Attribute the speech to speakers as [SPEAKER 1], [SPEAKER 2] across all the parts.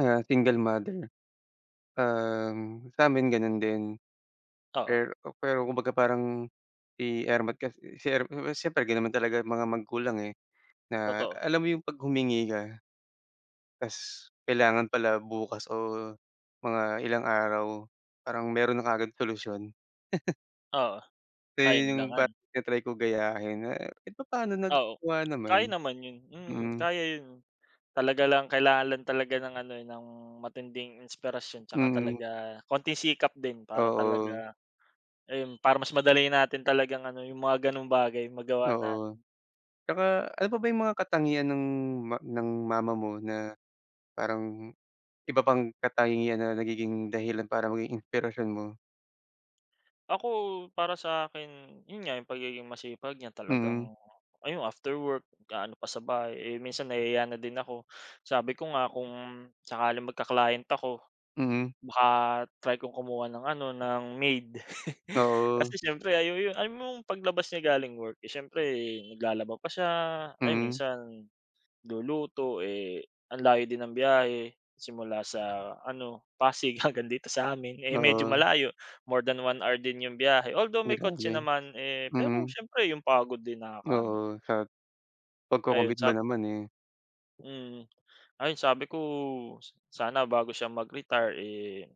[SPEAKER 1] Ah, single mother. Um, samin ganun din.
[SPEAKER 2] Oo.
[SPEAKER 1] Per, o pero kumbaga parang si ermat kasi, si er, siyempre, ganun naman talaga mga magulang, eh. Na
[SPEAKER 2] Totoo.
[SPEAKER 1] alam mo 'yun pag humingi ka? Tas kailangan pala bukas o mga ilang araw, parang meron na kaagad solusyon.
[SPEAKER 2] Oo,
[SPEAKER 1] So yun
[SPEAKER 2] ayon
[SPEAKER 1] yung pat
[SPEAKER 2] langan.
[SPEAKER 1] ta-try kong gayahin, eh, kahit papaano
[SPEAKER 2] Oo,
[SPEAKER 1] nagagawa naman,
[SPEAKER 2] kaya naman ’yon, mm.
[SPEAKER 1] mhm.
[SPEAKER 2] Kaya yun, talaga lang kailangan lang talaga ng ano, eh, ng matinding inspirasyon tsaka
[SPEAKER 1] Mhm.
[SPEAKER 2] talaga konting sikap din para
[SPEAKER 1] Oo.
[SPEAKER 2] talaga, ayon, para mas madali natin talagang ano yung mga ganong bagay magawa natin.
[SPEAKER 1] Oo, tsaka ano pa ba yung mga katangian ng ma ng mama mo na parang iba pang katangian na nagiging dahilan para maging inspirasyon mo?
[SPEAKER 2] Ako, para sa akin yun nga, yung pagiging masipag niya
[SPEAKER 1] Mhm.
[SPEAKER 2] talagang, ayun, after work, gaano pa sa bahay. Eh, minsan nahihiya na din ako. Sabi ko nga, kung sakaling magka-client ako,
[SPEAKER 1] Mhm.
[SPEAKER 2] baka try kong kumuha ng ano ng maid. Kasi,
[SPEAKER 1] Oo.
[SPEAKER 2] siyempre, ay ’yu yu ’ay mong paglabas niya galing work, eh siyempre naglalaba pa siya, ayun,
[SPEAKER 1] Mhm.
[SPEAKER 2] minsan luluto. Eh, ang layo din ng biyahe simula sa ano, Pasig hanggang dito sa amin. Eh, medyo
[SPEAKER 1] Oo.
[SPEAKER 2] malayo, more than 1 hour din ’yung biyahe, although may kotse
[SPEAKER 1] Grabe,
[SPEAKER 2] naman, eh, pero
[SPEAKER 1] mhm.
[SPEAKER 2] siyempre ’yung pagod din nakakaano.
[SPEAKER 1] Oo, sa
[SPEAKER 2] Ayon
[SPEAKER 1] pagco-commit ba
[SPEAKER 2] sap
[SPEAKER 1] naman, eh.
[SPEAKER 2] Hmm, ayun, sabi ko sana bago siya mag-retire, eh,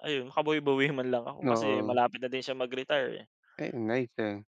[SPEAKER 2] ayun, makabwi-bawi man lang ako kasi
[SPEAKER 1] Oo.
[SPEAKER 2] malapit na din siya mag retire, eh.
[SPEAKER 1] Ay ang nice, ah.